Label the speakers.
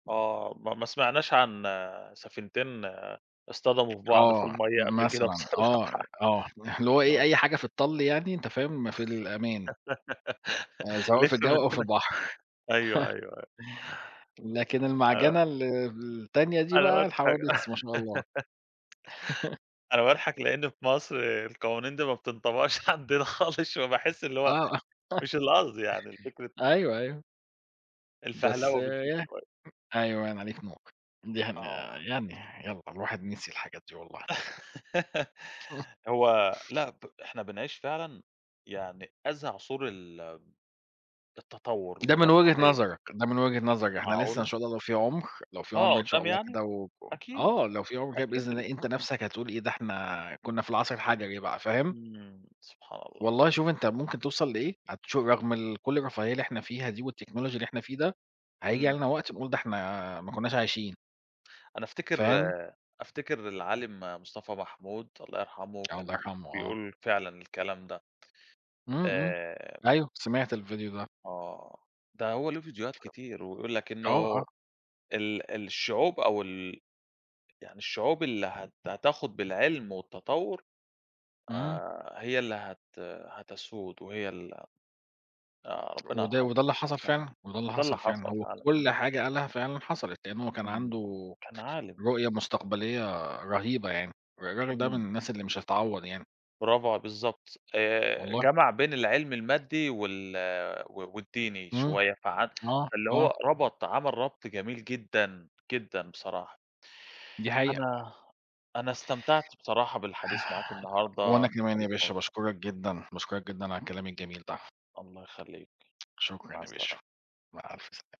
Speaker 1: آه، ما ما سمعناش عن سفينتين اصطدموا في بعض في
Speaker 2: آه،
Speaker 1: المَيّة قبل كده
Speaker 2: مثلًا
Speaker 1: بصراحة،
Speaker 2: آه آه، اللي هو إيه
Speaker 1: آه.
Speaker 2: أي حاجة في الطَلّ يعني، أنت فاهم في الأمان. آآ سواء في
Speaker 1: لسه
Speaker 2: الجو
Speaker 1: من
Speaker 2: أو في
Speaker 1: سنة
Speaker 2: البحر.
Speaker 1: أيوه، أيوه، أيوه.
Speaker 2: لكن المَعجَنة ال التانية دي
Speaker 1: أنا
Speaker 2: بقى
Speaker 1: باضحك.
Speaker 2: الحوادث ما شاء الله.
Speaker 1: أنا باضحك لإن في مصر القوانين دي ما بتنطبقش عندنا خالص، فباحس اللي هو
Speaker 2: آه.
Speaker 1: مش القصد يعني الفكرة
Speaker 2: أيوه، أيوه. بس
Speaker 1: الفهلوه بتزيد
Speaker 2: يه،
Speaker 1: شوية.
Speaker 2: أيوه يعني عليك نور، ده إحنا
Speaker 1: آه.
Speaker 2: يعني يالّا الواحد نسي الحاجات دي والله.
Speaker 1: هو لأ، ب إحنا بنعيش فعلًا، يعني أزهى عُصور ال التطور
Speaker 2: ده من وجهة
Speaker 1: والرفاهية.
Speaker 2: نظرك، ده من وجهة نظرك، إحنا لسه إن
Speaker 1: معقولة!
Speaker 2: شاء الله لو في عُمر، لو في
Speaker 1: آه
Speaker 2: عُمر إن شاء
Speaker 1: قُدام
Speaker 2: الله
Speaker 1: يعني؟
Speaker 2: كده و و
Speaker 1: أكيد،
Speaker 2: آه، لو في عُمر كده
Speaker 1: أكيد
Speaker 2: بإذن
Speaker 1: ال
Speaker 2: الله، أنت نَفسَك هتقول إيه ده إحنا كُنّا في العصر الحَجَري بقى فاهم؟
Speaker 1: امم سبحان الله.
Speaker 2: والله شوف أنت ممكن تَوصَل لإيه، هتشوف رغم ال كُلّ الرفاهية اللي إحنا فيها دي والTechnology اللي إحنا فيه ده، هييجي
Speaker 1: امم.
Speaker 2: علينا وقت نقول ده إحنا ما كُنّاش عايشين.
Speaker 1: أنا أفتكر
Speaker 2: فاهم؟
Speaker 1: أفتكر العالِم مصطفى محمود الله يرحمه،
Speaker 2: الله
Speaker 1: كان
Speaker 2: يرحمه آه.
Speaker 1: بيقول فعلًا الكلام ده.
Speaker 2: امم امم،
Speaker 1: آآ
Speaker 2: أيوه، سمعت الفيديو ده.
Speaker 1: آه، ده هو له فيديوهات كتير، ويقول لك
Speaker 2: [unintelligible] آه،
Speaker 1: إنه
Speaker 2: آه.
Speaker 1: ال الشعوب أو ال يعني الشعوب اللي هت هتاخد بالعلم والتطور،
Speaker 2: امم.
Speaker 1: آآ هي اللي هت هتسود، وهي ال آآ ربنا
Speaker 2: وده
Speaker 1: يرحمه،
Speaker 2: وده اللي حصل
Speaker 1: [unintelligible]
Speaker 2: فعلًا، وده اللي
Speaker 1: وده اللي
Speaker 2: حصل فعلًا،
Speaker 1: حصل
Speaker 2: هو
Speaker 1: فعلًا،
Speaker 2: كُلّ
Speaker 1: امم.
Speaker 2: حاجة قالها فعلًا حَصَلت، لإنه هو كان
Speaker 1: امم،
Speaker 2: عنده
Speaker 1: كان عالِم.
Speaker 2: رؤية مستقبلية رهيبة يعني، ر الراجل ده من
Speaker 1: امم.
Speaker 2: الناس اللي مش هتتعوض يعني.
Speaker 1: براڤو ع بالضبط، آآ
Speaker 2: والله.
Speaker 1: جمع بين العلم المادي وال و والديني
Speaker 2: امم،
Speaker 1: شوية، فع
Speaker 2: آه،
Speaker 1: فاللي
Speaker 2: آه.
Speaker 1: هو ربط عمل ربط جميل جدًا، جدًا بصراحة.
Speaker 2: دي حقيقة.
Speaker 1: أنا أنا استمتعت بصراحة بالحديث معاك النهارده،
Speaker 2: وأنا
Speaker 1: كان
Speaker 2: كمان
Speaker 1: حديث
Speaker 2: يا باشا
Speaker 1: ممتع.
Speaker 2: باشكرك جدًا، باشكرك جدًا، على الكلام الجميل ده.
Speaker 1: الله يخليك،
Speaker 2: شكرًا
Speaker 1: مع
Speaker 2: يا باشا،
Speaker 1: السلامة.
Speaker 2: مع ألف سلامة.